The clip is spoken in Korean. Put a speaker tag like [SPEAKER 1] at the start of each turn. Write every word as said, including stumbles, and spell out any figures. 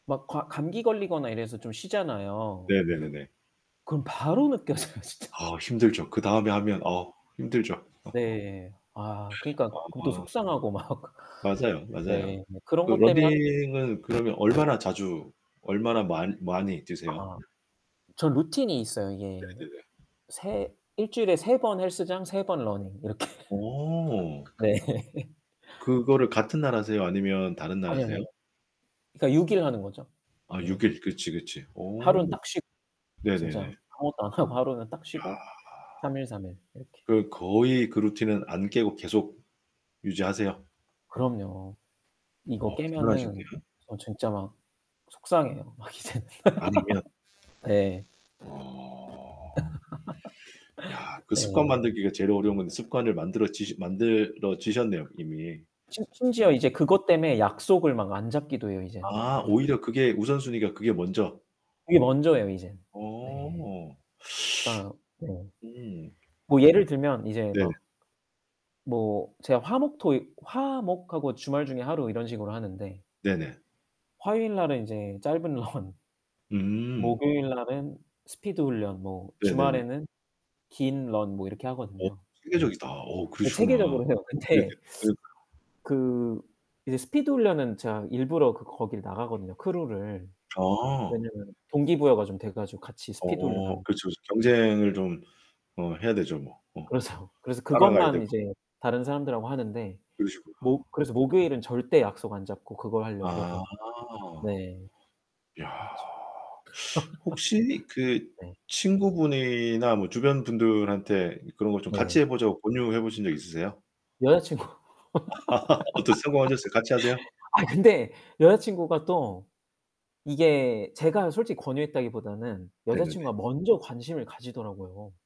[SPEAKER 1] 막 가 감기 걸리거나 이래서 좀 쉬잖아요.
[SPEAKER 2] 네네네네.
[SPEAKER 1] 그럼 바로 느껴져요 진짜.
[SPEAKER 2] 아 힘들죠. 그 다음에 하면 어 힘들죠.
[SPEAKER 1] 네. 아 그니까 그것도
[SPEAKER 2] 아.
[SPEAKER 1] 속상하고 막
[SPEAKER 2] 맞아요, 맞아요.
[SPEAKER 1] 네. 뭐 그런
[SPEAKER 2] 그
[SPEAKER 1] 것 때문에 하
[SPEAKER 2] 러닝은 그러면 얼마나 자주, 얼마나 많 많이 뛰세요?
[SPEAKER 1] 아 전 루틴이 있어요. 이게
[SPEAKER 2] 네네네.
[SPEAKER 1] 세 일주일에 세번 헬스장, 세번 러닝, 이렇게.
[SPEAKER 2] 오.
[SPEAKER 1] 네.
[SPEAKER 2] 그거를 같은 날 하세요, 아니면 다른 날
[SPEAKER 1] 아니요, 아니요.
[SPEAKER 2] 하세요?
[SPEAKER 1] 그니까 육 일 하는 거죠.
[SPEAKER 2] 아,
[SPEAKER 1] 네.
[SPEAKER 2] 육 일. 그치, 그치.
[SPEAKER 1] 하루는
[SPEAKER 2] 오.
[SPEAKER 1] 딱 쉬고.
[SPEAKER 2] 네네네.
[SPEAKER 1] 진짜 아무것도 안 하고 하루는 딱
[SPEAKER 2] 야.
[SPEAKER 1] 쉬고 삼 일, 삼 일 이렇게.
[SPEAKER 2] 그 거의 그 루틴은 안 깨고 계속 유지하세요?
[SPEAKER 1] 그럼요. 이거
[SPEAKER 2] 어,
[SPEAKER 1] 깨면은
[SPEAKER 2] 대단하신데요.
[SPEAKER 1] 어 진짜 막 속상해요. 막 이제는.
[SPEAKER 2] 아니면
[SPEAKER 1] 예.
[SPEAKER 2] 어. 야, 그 습관
[SPEAKER 1] 네.
[SPEAKER 2] 만들기가 제일 어려운 건데 습관을 만들어지시 만들어지셨네요 이미.
[SPEAKER 1] 심
[SPEAKER 2] 음.
[SPEAKER 1] 심지어 이제 그것 때문에 약속을 막 안 잡기도 해요 이젠.
[SPEAKER 2] 아,
[SPEAKER 1] 그니까.
[SPEAKER 2] 오히려 그게 우선순위가 그게 먼저.
[SPEAKER 1] 이게 먼저예요 이제. 네.
[SPEAKER 2] 어.
[SPEAKER 1] 그니까 음.
[SPEAKER 2] 음.
[SPEAKER 1] 뭐 예를 들면 이제
[SPEAKER 2] 네네.
[SPEAKER 1] 막 뭐 제가 화, 목, 토 화, 목하고 주말 중에 하루 이런 식으로 하는데
[SPEAKER 2] 네네.
[SPEAKER 1] 화요일 날은 이제 짧은 런
[SPEAKER 2] 음.
[SPEAKER 1] 목요일날은 스피드 훈련 뭐
[SPEAKER 2] 네네네.
[SPEAKER 1] 주말에는 긴 런 뭐 이렇게
[SPEAKER 2] 어
[SPEAKER 1] 하거든요.
[SPEAKER 2] 체계적이다. 어,
[SPEAKER 1] 예 체계적으로
[SPEAKER 2] 그러시구나.
[SPEAKER 1] 해요.
[SPEAKER 2] 네네.
[SPEAKER 1] 근데
[SPEAKER 2] 네.
[SPEAKER 1] 그 이제 스피드 훈련은 제가 일부러 그 거기를 나가거든요 크루를.
[SPEAKER 2] 아.
[SPEAKER 1] 왜냐면 동기부여가 좀 돼 가지고 같이 스피드 훈련합
[SPEAKER 2] 어 그렇죠, 그렇죠. 경쟁을 좀 어 해야 되죠 뭐. 어.
[SPEAKER 1] 그렇죠. 그래서
[SPEAKER 2] 따라가야
[SPEAKER 1] 그것만
[SPEAKER 2] 되고.
[SPEAKER 1] 이제 다른 사람들하고 하는데
[SPEAKER 2] 그러시구나.
[SPEAKER 1] 목 그래서 목요일은 절대 약속 안 잡고 그걸 하려고.
[SPEAKER 2] 아.
[SPEAKER 1] 네.
[SPEAKER 2] 야.
[SPEAKER 1] 그렇죠.
[SPEAKER 2] 혹시 그
[SPEAKER 1] 네.
[SPEAKER 2] 친구분이나 뭐 주변 분들한테 그런 거 좀 같이
[SPEAKER 1] 네.
[SPEAKER 2] 해 보자고 권유해 보신 적 있으세요?
[SPEAKER 1] 여자친구.
[SPEAKER 2] 어떠셨어요, 성공하셨어요? 같이 하세요?
[SPEAKER 1] 아 근데 여자친구가 또 이게 제가 솔직히 권유했다기보다는
[SPEAKER 2] 네네네.
[SPEAKER 1] 여자친구가 먼저 관심을 가지더라고요.